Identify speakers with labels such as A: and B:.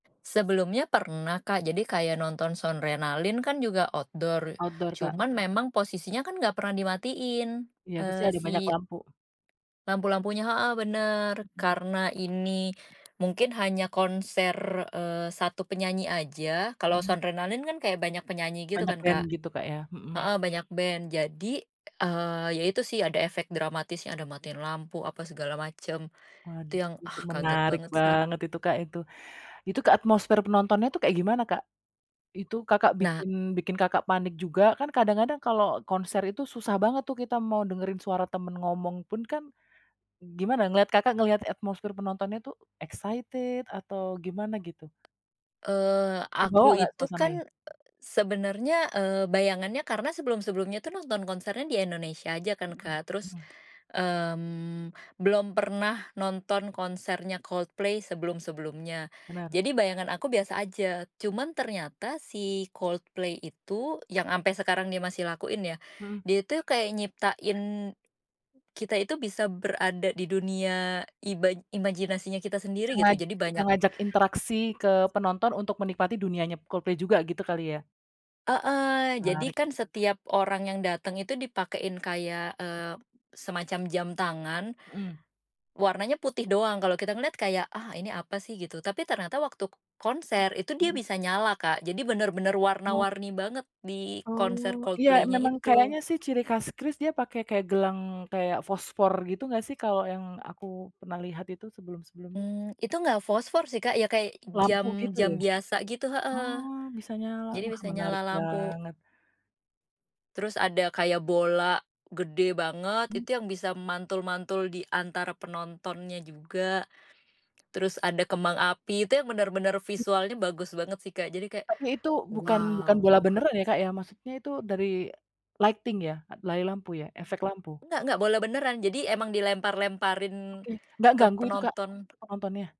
A: Sebelumnya pernah Kak jadi kaya nonton Soundrenaline kan juga outdoor,
B: Outdoor Kak.
A: cuman memang posisinya kan nggak pernah dimatiin,
B: Iya, pasti
A: eee,
B: ada banyak
A: si
B: lampu.
A: lampu-lampunya heeh, bener
B: Mhm.
A: karena ini mungkin hanya konser, eee, 1 penyanyi aja kalau
B: Mhm.
A: Soundrenaline kan kayak banyak penyanyi gitu
B: Banyak
A: kan
B: band
A: Kak
B: gitu Kak ya, mhm.
A: heeh, banyak band jadi, eee, ya itu sih ada efek dramatisnya ada matiin lampu apa segala macem, itu
B: Waduh,
A: yang,
B: itu
A: ah, kaget
B: menarik
A: banget sih.
B: banget itu Kak itu. Itu ke atmosfer penontonnya itu kayak gimana Kak? Itu Kakak
A: Nah.
B: bikin bikin Kakak panik juga kan kadang-kadang kalau konser itu susah banget tuh kita mau dengerin suara temen ngomong pun kan, gimana ngeliat Kakak ngeliat atmosfir penontonnya itu excited atau gimana gitu?
A: Eee,
B: Kebawa
A: aku
B: nggak
A: itu
B: suasananya?
A: kan, sebenarnya, eee, bayangannya karena sebelum-sebelumnya tuh nonton konsernya di Indonesia aja kan
B: Mhm
A: Kak terus,
B: mhm.
A: mmm, belum pernah nonton konsernya Coldplay sebelum-sebelumnya,
B: Benar.
A: jadi bayangan aku biasa aja cuman ternyata si Coldplay itu yang ampe sekarang dia masih lakuin ya,
B: Mhm.
A: dia itu kayak nyiptain, kita itu bisa berada di dunia ima imajinasinya kita
B: Itu
A: sendiri gitu
B: sangat
A: jadi
B: bisa
A: banyak.
B: ngajak interaksi ke penonton untuk menikmati dunianya Coldplay juga gitu kali ya.
A: Heeh, jadi
B: Menarik.
A: kan setiap orang yang dateng itu dipakein kayak, eee, semacam jam tangan,
B: Mhm.
A: warnanya putih doang kalau kita ngeliat kayak, ah, ini apa sih gitu tapi ternyata waktu konser itu dia bisa nyala Kak jadi bener-bener
B: Oh.
A: warna-warni banget di konser
B: Oh, iya,
A: Coldplaynya
B: memang
A: itu.
B: kayaknya sih ciri khas Chris dia pakai kayak gelang kayak fosfor gitu nggak sih kalau yang aku pernah lihat itu sebelum-sebelumnya.
A: Mmm, itu nggak fosfor sih Kak ya kayak
B: Lampu gitu ya?
A: jam-jam biasa gitu heeh,
B: Oh, bisa nyala,
A: jadi
B: wah,
A: bisa
B: menarik
A: nyala lampu.
B: banget.
A: Terus ada kayak bola gede banget
B: Mmm.
A: itu yang bisa mantul-mantul diantara penontonnya juga, terus ada kembang api itu yang bener-bener visualnya bagus banget sih Kak jadi kayak,
B: Tapi itu bukan bukan bola
A: wow.
B: beneran ya, Kak, ya? Maksudnya itu dari, lighting ya? Dari lampu ya efek lampu?
A: Enggak enggak bola beneran jadi emang dilempar-lemparin,
B: Oke, nggak
A: ke
B: ganggu itu Kak,
A: penonton.
B: ke penontonnya?